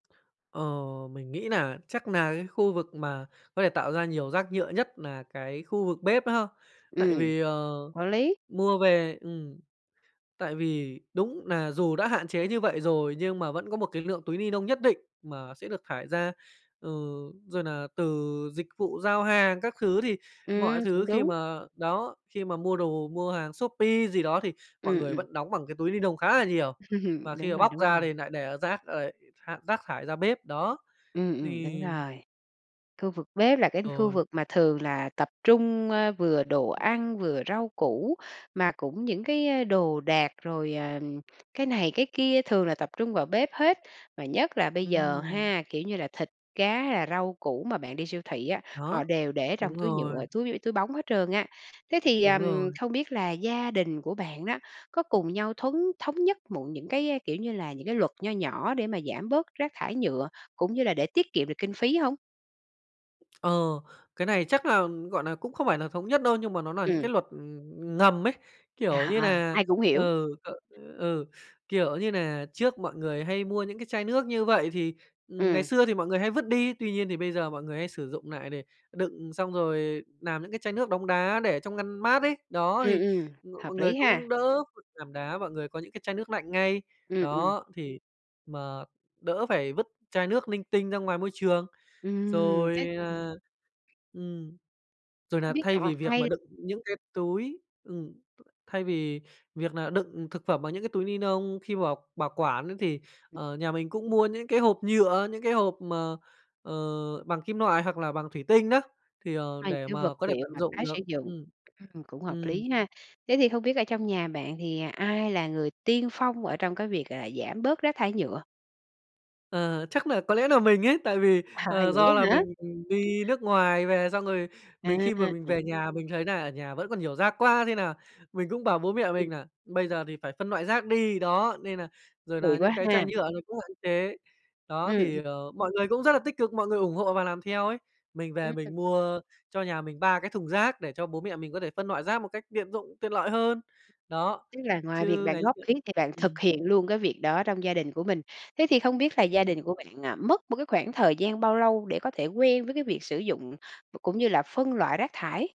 Ờ, mình nghĩ nà chắc nà cái khu vực mà có thể tạo ra nhiều rác nhựa nhất là nà cái khu vực bếp đó ha. Tại Ừm, vì, ờ, có lý. mua về ừm, tại vì đúng nà dù đã hạn chế như vậy rồi nhưng mà vẫn có một cái lượng túi ni nông nhất định mà sẽ được thải ra, ừ, rồi nà từ dịch vụ giao hàng các thứ. Thì mọi Ừm, cũng thứ khi đúng. mà đó, khi mà mua đồ, mua hàng Shopee gì đó thì mọi Ừm, người ừm. vẫn đóng bằng cái túi ni nông khá là nhiều, và khi Đúng mà rồi, bóc đúng ra thì rồi. lại nại để, ờ, rác rồi tha rác thải ra bếp. Đó, Ừm, ừm, đúng thì rồi. Khu vực bếp là cái khu Rồi. vực mà thường là tập trung, ơ, vừa đồ ăn, vừa rau củ, mà cũng những cái đồ đạc rồi, ờ, cái này, cái kia, thường là tập trung vào bếp hết, và nhất là bây giờ Ừm. ha, kiểu như là, thịt, cá hay là rau củ mà bạn đi siêu thị á, họ Đó, đều để trong đúng túi nhựa, rồi. túi túi bóng hết trơn á. Thế thì, Đúng ờm, rồi. không biết là gia đình của bạn đó, có cùng nhau thuấn thống nhất muộn những cái, kiểu như là, những cái luật nho nhỏ để mà giảm bớt rác thải nhựa, cũng như là để tiết kiệm được kinh phí hông? Ờ, cái này chắc là, gọi nà, cũng không phải là thống nhất đâu, nhưng mà nó nà những cái Ừm. luật, ừm, ngầm ấy, kiểu như À, nà ai cũng hiểu. ừ, ừ, kiểu như nà, trước mọi người hay mua những cái chai nước như vậy thì, ừm, ngày Ừm. xưa thì mọi người hay vứt đi, tuy nhiên thì bây giờ mọi người hay sử dụng nại để đựng xong rồi làm những cái chai nước đông đá để trong ngăn mát ấy. Đó, thì Ừm, ừm, m hợp mọi người lý cũng ha! đỡ phải làm đá, mọi người có những cái chai nước lạnh ngay, Ừm, ừm. đó, thì mà đỡ phải vứt chai nước linh tinh ra ngoài môi trường. Ừm, thế Rồi, tầm à, ừm, rồi Không nà biết thay vì việc mà [unintelligible] đựng những cái túi ừm, thay vì việc nà đựng thực phẩm bằng những cái túi ni nông khi bảo bảo quản ấy thì, ờ, nhà mình cũng mua những cái hộp nhựa, những cái hộp mà, ờ, bằng kim loại hoặc là bằng thủy tinh đó, thì, ờ, Hai để cái vật mà có thể liệu tận mà dụng tái sử được dụng, ừm, ừm, cũng hợp ừm. lý ha. Thế thì không biết ở trong nhà bạn thì ai là người tiên phong ở trong cái việc, à, giảm bớt rác thái nhựa? Ờ, chắc nà có lẽ nà mình ấy, tại vì, À, ờ, vậy do là á hả? mình đi nước ngoài về, xong rồi mình khi mà mình À! về nhà mình thấy nà ở nhà vẫn còn nhiều rác quá thế nà mình cũng bảo bố mẹ Ừm. mình nà bây giờ thì phải phân loại rác đi, đó, nên là rồi Kỳ là những quá cái chai ha! nhựa nó cũng hạn chế, đó, Ừm, thì, ừm. ờ mọi người cũng rất là tích cực, mọi người ủng hộ và làm theo ấy. Mình về Ừm. mình mua cho nhà mình 3 cái thùng rác để cho bố mẹ mình có thể phân loại rác một cách tiện dụng, tiện lợi hơn. Đó, Tức là ngoài việc chứ bạn ngày góp xưa ý thì bạn ừm. thực hiện luôn cái việc đó trong gia đình của mình. Thế thì không biết là gia Ừm. đình của bạn, à, mất một cái khoảng thời gian bao lâu để có thể quen với cái việc sử dụng v cũng như là phân loại rác thải?